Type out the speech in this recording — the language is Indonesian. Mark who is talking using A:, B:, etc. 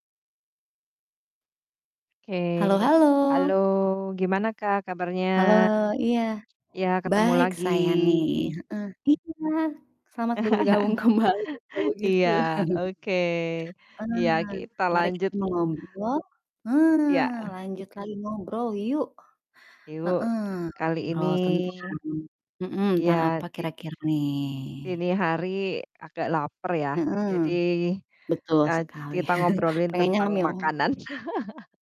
A: Oke,
B: Halo
A: halo
B: halo.
A: gimana Kak kabarnya?
B: Halo, iya.
A: Ya ketemu
B: Baik
A: lagi.
B: saya nih, heeh. Iya, selamat bergabung kembali kalau gitu.
A: iya, oke. Iya
B: Eee,
A: kita
B: mari kita
A: lanjut.
B: mengobro
A: Iya.
B: eee, lanjut lagi ngobrol yuk.
A: Ibu
B: Heeh,
A: kali ini
B: ngobrol tentang mhm, tentang
A: iya
B: apa
A: di
B: kira-kira nih?
A: ini hari agak laper ya, jadi,
B: Mhm, betul
A: eee,
B: sekali.
A: kita ngobrolin
B: Pengennya
A: tentang
B: ngemil.
A: makanan.